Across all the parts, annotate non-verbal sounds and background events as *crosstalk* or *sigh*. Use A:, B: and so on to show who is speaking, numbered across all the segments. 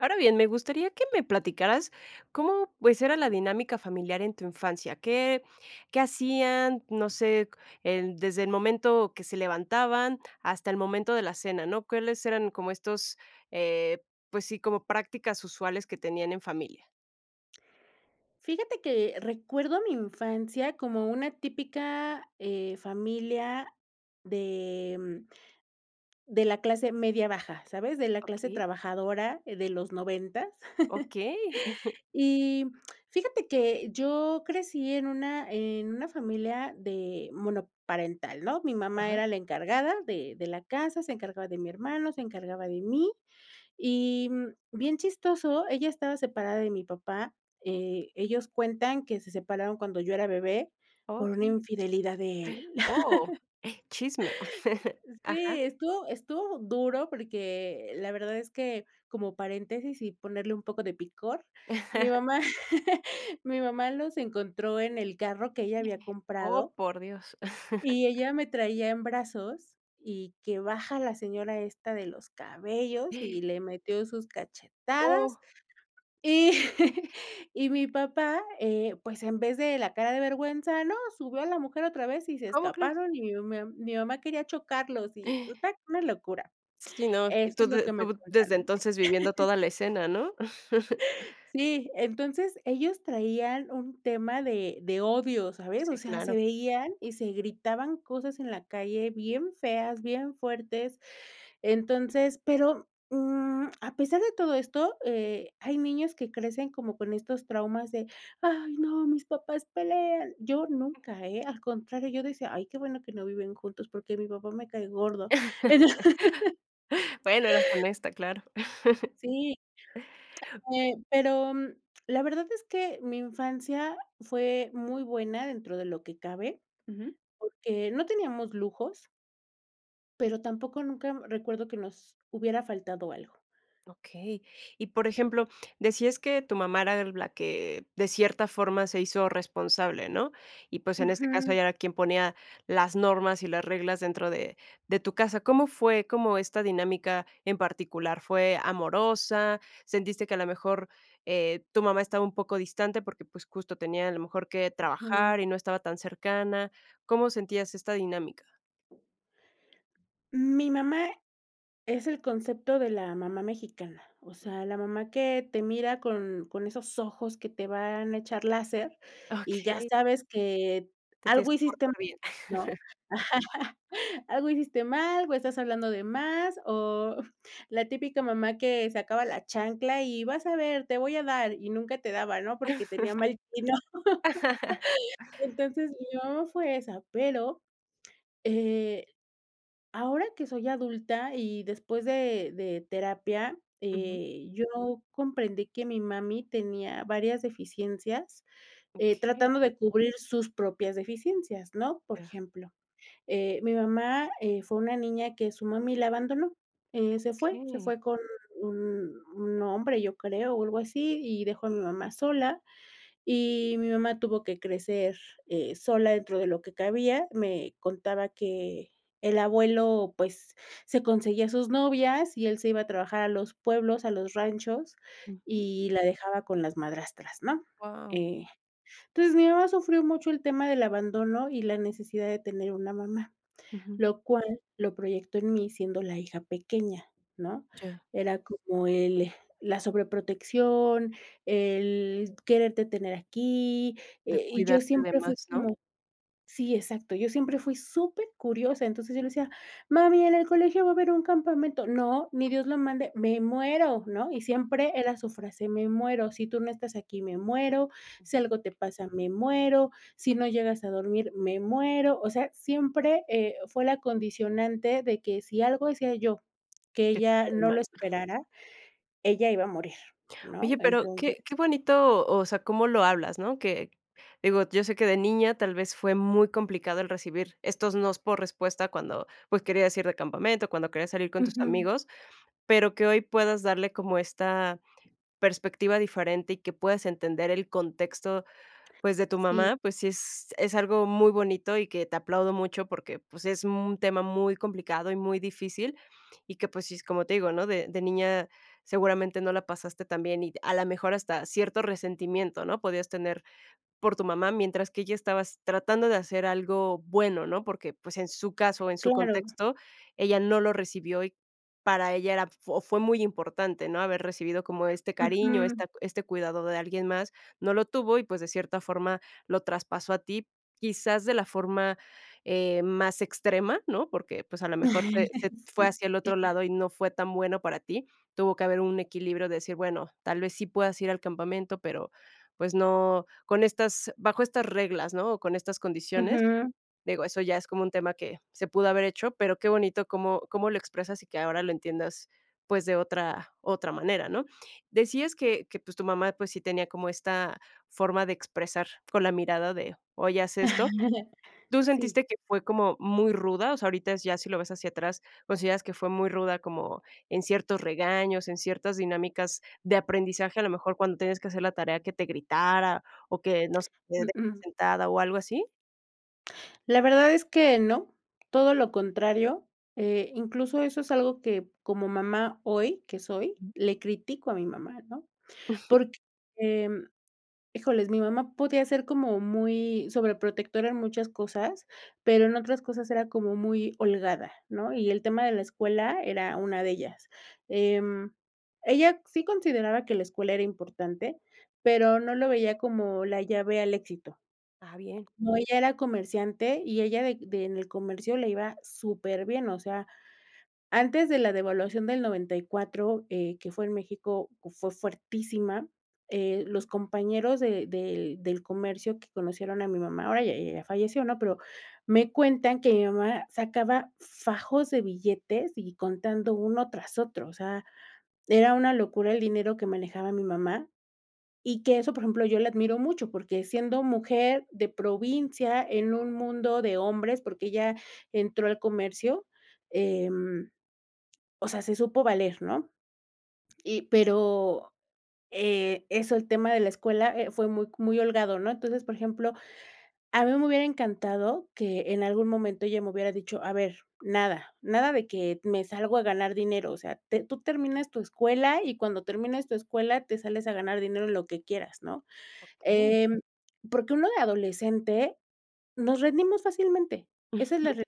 A: Ahora bien, me gustaría que me platicaras cómo, pues, era la dinámica familiar en tu infancia, qué qué hacían, no sé, en desde el momento que se levantaban hasta el momento de la cena, ¿no? ¿Cuáles eran como estos, eh, pues sí, como prácticas usuales que tenían en familia?
B: Fíjate que recuerdo mi infancia como una típica, eh, familia de, mm, de la clase media baja, ¿sabes? De la clase
A: Okey.
B: trabajadora de los noventas.
A: Okey. *chuckles*
B: *chuckles* Y fíjate que yo crecí en una en una familia de monoparental, ¿no?, mi mamá
A: Ajá.
B: era la encargada de de la casa, se encargaba de mi hermano, se encargaba de mí, y bien chistoso, ella estaba separada de mi papá, eh, ellos cuentan que se separaron cuando yo era bebé por una
A: Okey. *inhales*
B: infidelidad de él.
A: Oh chisme.
B: *laughs*
A: Ajá.
B: Sí, estuvo estuvo duro porque la verdad es que como paréntesis y ponerle un poco de picor, mi
A: *chuckles*
B: mamá *laughs* mi mamá los encontró en el carro que ella había
A: Oh,
B: comprado.
A: por Dios. *chuckles*
B: Y ella me traía en brazos y que baja a la señora esta de los cabellos y
A: *gasps*
B: le metió sus cachetadas
A: Oh.
B: y y mi papá, eh, pues en vez de la cara de vergüenza, ¿no?, subió a la mujer otra vez y se
A: ¿Cómo crees?
B: escaparon y mi *unintelligible* mi mamá quería chocarlos y
A: *gasps*
B: total una locura.
A: Si, ¿no?
B: Eso es lo
A: Tode
B: que me
A: tuv desde
B: cuentan.
A: entonces viviendo
B: *chuckles*
A: toda la escena, ¿no? *chuckles*
B: Sí, entonces ellos traían un tema de de odio, ¿sabes? O
A: Sí,
B: sea,
A: claro.
B: se veían y se gritaban cosas en la calle bien feas, bien fuertes, entonces, pero, mm, a pesar de todo esto, eh, hay niños que crecen como con estos traumas de: "Ay no, mis papás pelean", yo
A: Ujú.
B: nunca, eh, al contrario, yo decía, ay qué bueno que no viven juntos porque mi papá me cae gordo. *laughs*
A: *chuckles* Bueno, eras honesta claro. *chuckles*
B: Sí. Eh, pero la verdad es que mi infancia fue muy buena dentro de lo que cabe,
A: Ujú.
B: porque no teníamos lujos. Pero tampoco nunca, mm, recuerdo que nos hubiera faltado algo.
A: Okey, y por ejemplo, decías que tu mamá era de la que de cierta forma se hizo responsable, ¿no? Y, pues, en este caso,
B: Ujú.
A: ella era quien ponía las normas y las reglas dentro de de tu casa, ¿cómo fue cómo esta dinámica en particular? ¿Fue amorosa? ¿Sentiste que a lo mejor, eh, tu mamá estaba un poco distante? Porque, pues, justo tenía a lo mejor que trabajar
B: Ujú.
A: y no estaba tan cercana, ¿cómo sentías esta dinámica?
B: Mi mamá es el concepto de la mamá mexicana. O sea, la mamá que te mira con con esos ojos que te van a echar láser y ya
A: Okey.
B: sabes que
A: Te tienes
B: algo
A: que
B: hiciste,
A: portar bien.
B: ¿no?
A: *chuckles*
B: *chuckles* Algo hiciste mal, o estás hablando de más, o la típica mamá que sacaba la chancla y vas a ver, te voy a dar, y nunca te daba, ¿no?, porque tenía mal tino. *laughs*
A: *laughs*
B: Entonces mi mamá fue esa. Pero, eh, ahora que soy adulta y después de de terapia,
A: Ujú.
B: eh, yo comprendí que mi mami tenía varias deficiencias, eh,
A: Okey.
B: tratando de cubrir sus propias deficiencias, ¿no? Por
A: Ya.
B: ejemplo, eh, mi mamá, eh, fue una niña que su mami la abandonó, eh, se fue, se
A: Okey.
B: fue con un un hombre, yo creo, o algo así, y dejó a mi mamá sola. Y mi mamá tuvo que crecer, eh, sola dentro de lo que cabía. Me contaba que el abuelo, pues, se conseguía a sus novias y él se iba a trabajar a los pueblos, a los ranchos,
A: Ujú.
B: y la dejaba con las madrastras, ¿no?
A: Guau.
B: Eh, entonces, mi mamá sufrió mucho el tema del abandono y la necesidad de tener una mamá,
A: Ujú.
B: lo cual, lo proyectó en mí siendo la hija pequeña, ¿no?
A: Ya.
B: Era como el la sobreprotección, el quererte tener aquí.
A: De
B: Eh, y yo
A: cuidarte de
B: siempre fui
A: más, ¿no?
B: como sí, exacto. Yo siempre fui supercuriosa, entonces yo le decía: "Mami, en el colegio va a haber un campamento." No, ni Dios lo mande, me muero, ¿no? Y siempre era su frase: "Me muero". Si tú no estás aquí, me muero, si
A: Ujú.
B: algo te pasa, me muero, si no llegas a dormir, me muero, o sea, siempre, eh, fue la condicionante de que si algo hacía yo, que
A: Que
B: ella
A: salieran
B: no lo
A: mal.
B: esperara, ella iba a morir, ¿no?
A: Oye, pero
B: Entonces
A: qué qué bonito, o sea, cómo lo hablas, ¿no? Que digo, yo sé que de niña tal vez fue muy complicado el recibir estos nos por respuesta cuando, pues, querías ir de campamento, cuando querías salir con tus
B: Ujú.
A: amigos. Pero que hoy puedas darle como esta perspectiva diferente y que puedas entender el contexto, pues, de tu
B: Sí.
A: mamá, pues, sí es es algo muy bonito y que te aplaudo mucho, porque, pues, es un tema muy complicado y muy difícil, y que, pues, sí es como te digo, ¿no? De de niña seguramente no la pasaste tan bien y, a la mejor, hasta cierto resentimiento, ¿no?, podías tener por tu mamá mientras que ella estaba s tratando de hacer algo bueno, ¿no? Porque, pues, en su caso, en su
B: Claro.
A: contexto, ella no lo recibió y, para ella, era f fo fue muy importante, ¿no?, haber recibido como este cariño,
B: Ujú.
A: esta este cuidado de alguien más, no lo tuvo y, pues, de cierta forma, lo traspasó a ti, quizás de la forma, eh, más extrema, ¿no? Porque, pues, a lo mejor se se
B: *chuckles*
A: fue
B: Sí.
A: hacia el otro lado y no fue tan bueno para ti. Tuvo que haber un equilibrio de decir: "Bueno, tal vez sí puedas ir al campamento, pero, pues, no, con estas bajo estas reglas", ¿no?, o con estas condiciones.
B: Ujú.
A: Digo, eso ya es como un tema que se pudo haber hecho. Pero qué bonito cómo cómo lo expresas y que ahora lo entiendas, pues, de otra otra manera, ¿no? Decías que que, pues, tu mamá, pues, sí tenía como esta forma de expresar con la mirada de, oye, haz esto.
B: *chuckles*
A: ¿Tú
B: Sí.
A: sentiste que fue como muy ruda? O sea, ahorita ya si lo ves hacia atrás, ¿consideras que fue muy ruda como en ciertos regaños, en ciertas dinámicas de aprendizaje, a lo mejor cuando tienes que hacer la tarea que te gritara, o que no sé, te deje
B: Uh-uh.
A: sentada o algo así?
B: La verdad es que no, todo lo contrario. Eh, incluso eso es algo que, como mamá hoy, que soy,
A: Mm.
B: le critico a mi mamá, ¿no?
A: *chuckles*
B: Porque, híjole, mi mamá podía ser como muy sobre protectora en muchas cosas, pero en otras cosas era como muy holgada, ¿no? Y el tema de la escuela era una de ellas. Em, ella sí consideraba que la escuela era importante, pero no lo veía como la llave al éxito.
A: Ah, bien.
B: No, ella era comerciante, y ella de de en el comercio le iba superbien. O sea, antes de la devaluación del 94, eh, que fue en México, fue fuertísima, eh, los compañeros de del del comercio que conocieron a mi mamá, ahora ya ella ya falleció, ¿no? Pero me cuentan que mi mamá sacaba fajos de billetes y contando uno tras otro. O sea, era una locura el dinero que manejaba mi mamá y que eso, por ejemplo, yo la admiro mucho, porque siendo mujer de provincia, en un mundo de hombres, porque ella entró al comercio. Em, o sea, se supo valer, ¿no? Y pero, eh, eso, el tema de la escuela, eh, fue muy c muy holgado, ¿no? Entonces, por ejemplo, a mí me hubiera encantado que en algún momento ella me hubiera dicho: "a ver, nada, nada de que me salgo a ganar dinero, o sea, te tú terminas tu escuela y cuando termines tu escuela te sales a ganar dinero en lo que quieras", ¿no?
A: Okey.
B: Em, porque uno de adolescente nos rendimos fácilmente, esa es la
A: *chuckles*
B: realidad.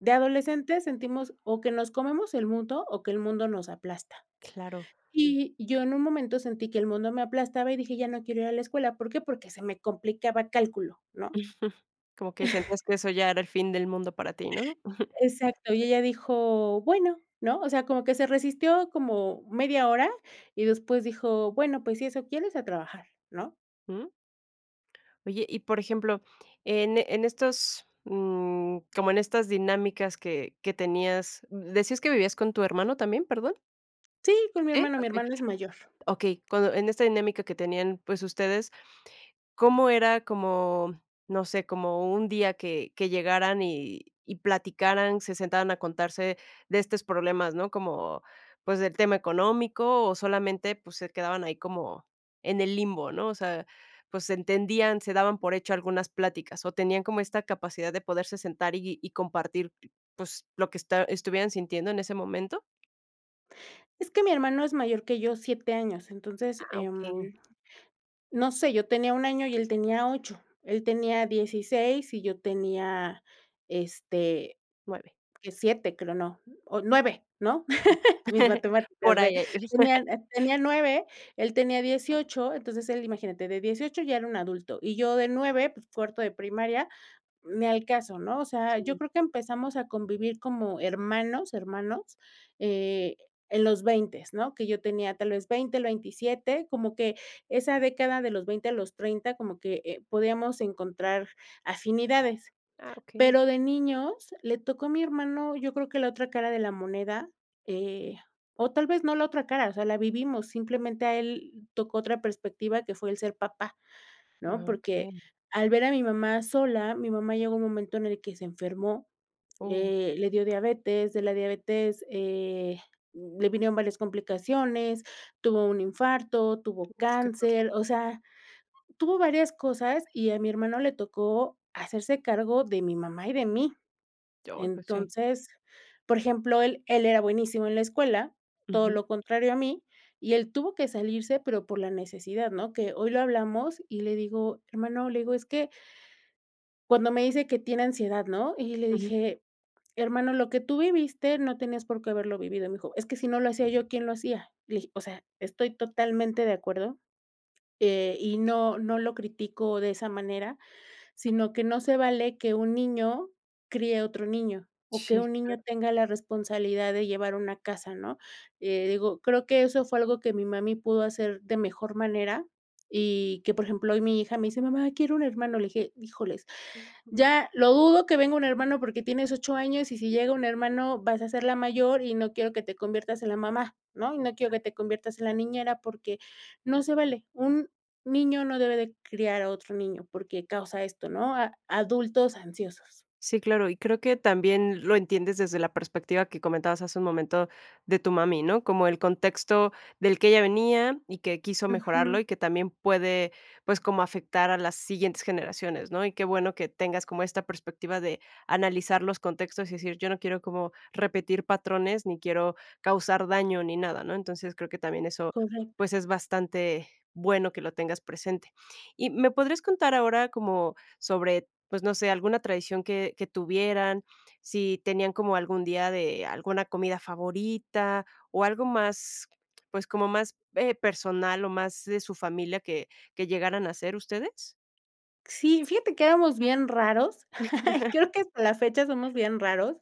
B: De adolescentes sentimos o que nos comemos el mundo o que el mundo nos aplasta.
A: Claro.
B: Y yo en un momento sentí que el mundo me aplastaba y dije: "Ya no quiero ir a la escuela", ¿por qué? Porque se me complicaba cálculo, ¿no?
A: *chuckles* Como que sentías
B: *chuckles*
A: que eso ya era el fin del mundo para ti, ¿no? *chuckles*
B: Exacto. Y ella dijo: "Bueno", ¿no? O sea, como que se resistió como media hora y después dijo: "Bueno, pues, si eso quieres, a trabajar", ¿no?
A: Mm. Oye, y por ejemplo, en, eh, en estos, mm, como en estas dinámicas que que tenías, ¿d-decías que vivías con tu hermano también, perdón?
B: Sí, con mi
A: ¿Sí?
B: hermano. Mi
A: Okey,
B: hermano es mayor.
A: okey. Cuando en esta dinámica que tenían, pues, ustedes, ¿cómo era como no sé, como un día que que llegaran y y platicaran, se sentaran a contarse de estos problemas, ¿no? como, pues, del tema económico o solamente, pues, se quedaban ahí como en el limbo, ¿no? o sea, pues, se entendían, se daban por hecho algunas pláticas, o ¿tenían como esta capacidad de poderse sentar y y compartir, pues, lo que esta estuvieran sintiendo en ese momento?
B: Es que mi hermano es mayor que yo 7 años entonces,
A: Ah,
B: eh,
A: okey.
B: no sé yo tenía un año y él tenía 8 él tenía 16 y yo tenía este
A: 9.
B: 7 creo, no o 9 ¿no?
A: Ah.
B: Mis matemáticas
A: Por
B: ve
A: ahí.
B: tenía n tenía 9 él tenía 18 entonces él imagínate de 18 ya era un adulto y yo de 9 pues cuarto de primaria ni al caso, ¿no? o sea, yo
A: Sí.
B: creo que empezamos a convivir como hermanos, hermanos, eh, en los veintes, ¿no? Que yo tenía tal vez 20, el 27, como que esa década de los 20 a los 30, como que, eh, podíamos encontrar afinidades.
A: Ah, okey.
B: Pero de niños le tocó a mi hermano, yo creo que la otra cara de la moneda, eh, o tal vez no la otra cara, o sea, la vivimos, simplemente a él tocó otra perspectiva que fue el ser papá, ¿no?
A: Ah,
B: Porque
A: okey.
B: al ver a mi mamá sola, mi mamá llegó un momento en el que se enfermó,
A: Oh.
B: eh, le dio diabetes, de la diabetes, eh, le vinieron varias complicaciones, tuvo un infarto, tuvo
A: Uf, que fuerte.
B: cáncer, o sea, tuvo varias cosas y a mi hermano le tocó hacerse cargo de mi mamá y de mí.
A: Oh. Pues sí.
B: Entonces, por ejemplo, él él era buenísimo en la escuela, todo
A: Ujú.
B: lo contrario a mí, y él tuvo que salirse, pero por la necesidad, ¿no? Que hoy lo hablamos y le digo hermano, le digo, es que. Cuando me dice que tiene ansiedad, ¿no? y le
A: Ujú.
B: dije: "Hermano, lo que tú viviste no tenías por qué haberlo vivido", me dijo: "Es que si no lo hacía yo, ¿quién lo hacía?" Le dije: "O sea, estoy totalmente de acuerdo", eh, y no no lo critico de esa manera, sino que no se vale que un niño crie a otro niño, o que
A: Sí,
B: un niño
A: claro.
B: tenga la responsabilidad de llevar una casa, ¿no? eh, digo, creo que eso fue algo que mi mami pudo hacer de mejor manera, y que, por ejemplo, hoy mi hija me dice: "Mamá, quiero un hermano", le dije: "Híjoles,
A: Ujú.
B: ya lo dudo que venga un hermano porque tienes 8 años y si llega un hermano, vas a ser la mayor y no quiero que te conviertas en la mamá, ¿no? Y no quiero
A: Claro.
B: que te conviertas en la niñera porque no se vale. Un niño no debe de criar a otro niño porque causa esto", ¿no? a adultos ansiosos.
A: Sí, claro, y creo que también lo entiendes desde la perspectiva que comentabas hace un momento de tu mami, ¿no? como el contexto del que ella venía y que quiso mejorarlo,
B: Ujú.
A: y que también puede, pues, como afectar a las siguientes generaciones, ¿no? Y qué bueno que tengas como esta perspectiva de analizar los contextos y decir: "Yo no quiero como repetir patrones, ni quiero causar daño, ni nada", ¿no? Entonces, creo que también eso,
B: Correcto.
A: pues, es bastante bueno que lo tengas presente. Y, ¿me podrías contar ahora como sobre, pues, no sé, alguna tradición que que tuvieran, si tenían como algún día de alguna comida favorita, o algo más, pues como más eh, personal o más de su familia que que llegaran a hacer ustedes?
B: Sí, fíjate que éramos bien raros, *laughs* creo
A: *laughs*
B: que hasta la fecha somos bien raros,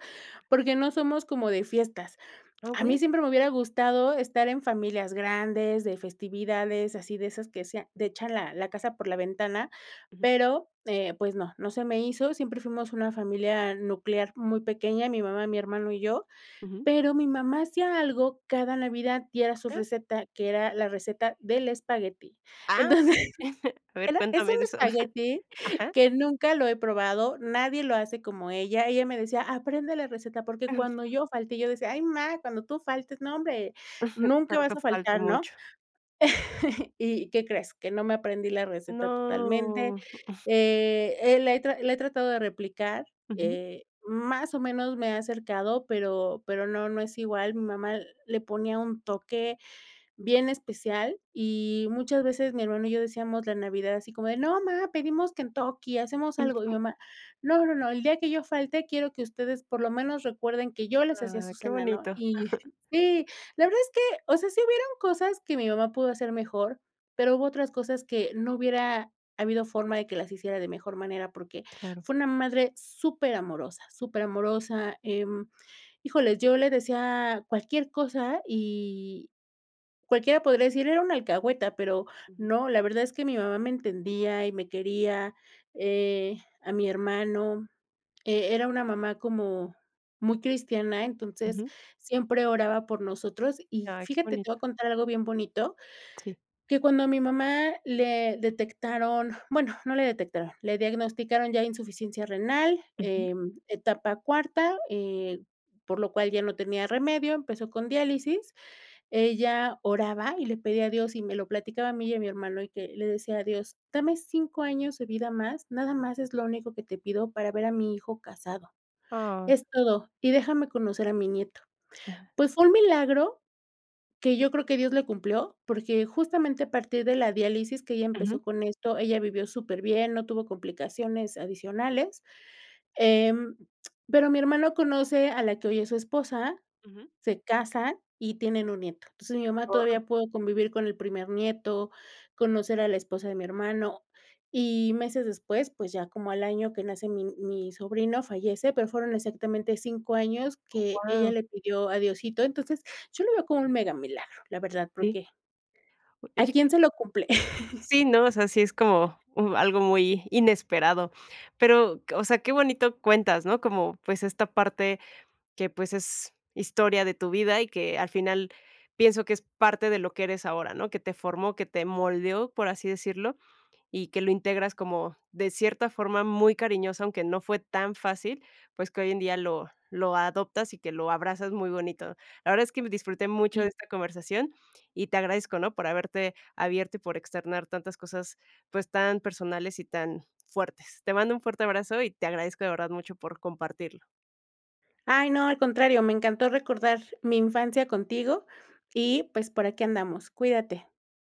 B: porque no somos como de fiestas.
A: Ah,
B: A mí
A: okey.
B: siempre me hubiera gustado estar en familias grandes, de festividades, así de esas que se a de echan la la casa por la ventana,
A: Ujú.
B: pero, eh, pues, no, no se me hizo, siempre fuimos una familia nuclear muy pequeña, mi mamá, mi hermano, y yo,
A: Ujú.
B: pero mi mamá hacía algo cada Navidad y era su
A: Ah.
B: receta, que era la receta del espagueti.
A: Ah,
B: Entonces,
A: okey. A ver
B: era es un
A: cuéntame de eso.
B: espagueti
A: Ajá.
B: que nunca lo he probado, nadie lo hace como ella. Ella me decía: "Aprende la receta, porque cuando
A: Ah.
B: yo falte", yo decía: "Ay ma, cuando tú faltes, nombre
A: *chuckles*
B: nunca
A: Para eso
B: vas a
A: falta
B: faltar", ¿no?
A: mucho.
B: *laughs* Y ¿qué crees? Que no me aprendí la receta totalmente,
A: No. *chuckles*
B: eh eh, la he tra la he tratado de replicar,
A: Ujú.
B: eh, más o menos me he acercado pero pero no no es igual mi mamá le ponía un toque bien especial, y muchas veces mi hermano y yo decíamos la Navidad así como de "no, mamá, pedimos Kentucky, hacemos algo", y mi
A: Ujú.
B: mamá "no, no, no, el día que yo falte, quiero que ustedes, por lo menos, recuerden que yo les hacía
A: Ah,
B: su
A: qué
B: cena", ¿no?
A: bonito.
B: Y,
A: Ajá.
B: si, la verdad es que, o sea, sí hubieron cosas que mi mamá pudo hacer mejor, pero hubo otras cosas que no hubiera habido forma de que las hiciera de mejor manera, porque
A: Claro.
B: fue una madre súper amorosa, súper amorosa, eh, híjoles, yo le decía cualquier cosa y cualquiera podría decir, era un alcahueta, pero
A: Ujú.
B: no, la verdad es que mi mamá me entendía y me quería, eh, a mi hermano, eh, era una mamá como muy cristiana, entonces,
A: Ujú.
B: siempre oraba por nosotros, y
A: Ay, qué
B: fíjate, te
A: bonito.
B: voy a contar algo bien bonito,
A: Sí.
B: que cuando a mi mamá le detectaron, bueno, no le detectaron, le diagnosticaron ya insuficiencia renal,
A: Ujú.
B: eh, etapa cuarta, eh, por lo cual ya no tenía remedio, empezó con diálisis. Ella oraba y le pedía a Dios y me lo platicaba a mí y a mi hermano, y que le decía a Dios, "dame 5 años de vida más, nada más es lo único que te pido para ver a mi hijo casado.
A: Ah.
B: Es todo, y déjame conocer a mi nieto". Pues fue un milagro que yo creo que Dios le cumplió, porque justamente a partir de la diálisis que ella
A: Ujú.
B: empezó con esto, ella vivió súper bien, no tuvo complicaciones adicionales, em, pero mi hermano conoce a la que hoy es su esposa,
A: Ujú.
B: se casan y tienen un nieto. Entonces, mi mamá
A: Oh.
B: todavía pudo convivir con el primer nieto, conocer a la esposa de mi hermano, y meses después, pues, ya como al año que nace mi mi sobrino fallece, pero fueron exactamente 5 años
A: Oh,
B: que ella
A: wao.
B: le pidió a Diosito. Entonces, yo lo veo con un mega milagro, la verdad,
A: Sí.
B: porque. ¿A
A: Oye que
B: quién se lo cumple? *chuckles*
A: Sí, no, o sea, sí es como m algo muy inesperado, pero o sea, qué bonito cuentas, ¿no? como, pues, esta parte que, pues, es historia de tu vida y que al final pienso que es parte de lo que eres ahora, ¿no? que te formó, que te moldeó, por así decirlo, y que lo integras como de cierta forma muy cariñosa, aunque no fue tan fácil, pues, que hoy en día lo lo adoptas y que lo abrazas muy bonito. La verdad es que me disfruté mucho de
B: Sí.
A: esta conversación y te agradezco, ¿no? por haberte abierto y por externar tantas cosas, pues, tan personales y tan fuertes. Te mando un fuerte abrazo y te agradezco de verdad mucho por compartirlo.
B: Ay no, al contrario, me encantó recordar mi infancia contigo y, pues, por aquí andamos. Cuídate.